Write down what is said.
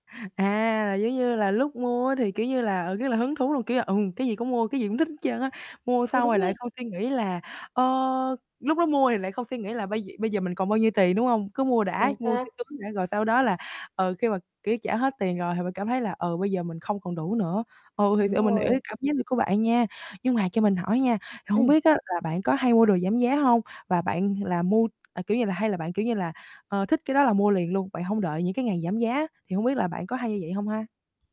À, là giống như là lúc mua á thì, kiểu như, là, ờ, rất là hứng thú luôn, kiểu là, ừm, cái gì cũng mua cái gì cũng thích hết trơn á, mua Ừ, xong đúng rồi lại rồi. không suy nghĩ là, ơ, lúc đó mua thì lại không suy nghĩ là bây giờ bây giờ mình còn bao nhiêu tiền, đúng hông? Cứ mua đã, Chính mua cho xác. sướng đã rồi sau đó là, ờ, khi mà, kiểu, trả hết tiền rồi thì bạn cảm thấy là, ờ, bây giờ mình không còn đủ nữa. Ừ, thiệt Đúng sự mình hiểu cái rồi. cảm giác của bạn nha, nhưng mà cho mình hỏi nha thì hông Ừm. biết á là bạn có hay mua đồ giảm giá hông và bạn là mua, à, kiểu như, là hay là bạn, kiểu như, là, ờ, thích cái đó là mua liền luôn, bạn hông đợi những cái ngày giảm giá, thì hông biết là bạn có hay như vậy hông ha?